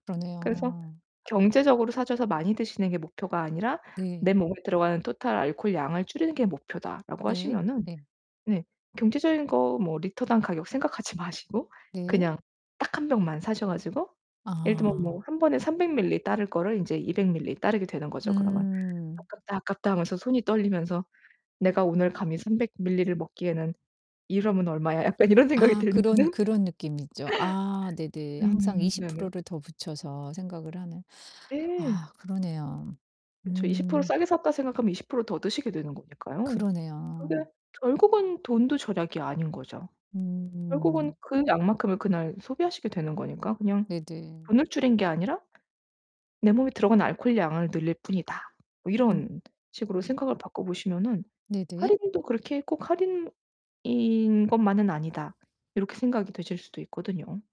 그래서 그러네요. 경제적으로 사셔서 많이 드시는 게 목표가 아니라 '내 네. 몸에 들어가는 total 알코올 양을 줄이는 게 목표다.'라고 네. 하시면은 네. 네 경제적인 거 뭐 리터당 가격 생각하지 마시고 네. 그냥 딱 1 병만 사셔 가지고 예를 들면 뭐 아. 1 번에 300ml 밀리 따를 거를 인제 200ml 밀리 따르게 되는 거죠, 그러면. 음. "아깝다, 아깝다." 하면서 손이 떨리면서 '내가 오늘 감히 300ml를 밀리를 먹기에는 이러면 얼마야?' 약간 이런 생각이 아 그런 들면은 그런 느낌이죠. 아 네네 항상 음 이십 네네. 프로 를 더 붙여서 생각을 하네. 네. 아 그러네요. 그쵸. '20% 음. 싸게 샀다.' 생각하면 20% 더 드시게 되는 거니까요. 그게 그러네요. 결국은 돈도 절약이 아닌 거죠. 결국은 음. 그 양만큼을 그날 소비하시게 되는 거니까. 그냥 네네. '돈을 줄인 게 아니라 내 몸에 들어가는 알콜 양을 늘릴 뿐이다.' 어 음 이런 식으로 음. 생각을 바꿔 보시면은 네네. '할인도 그렇게 꼭 할인인 것만은 아니다.' 이렇게 생각이 드실 수도 있거든요.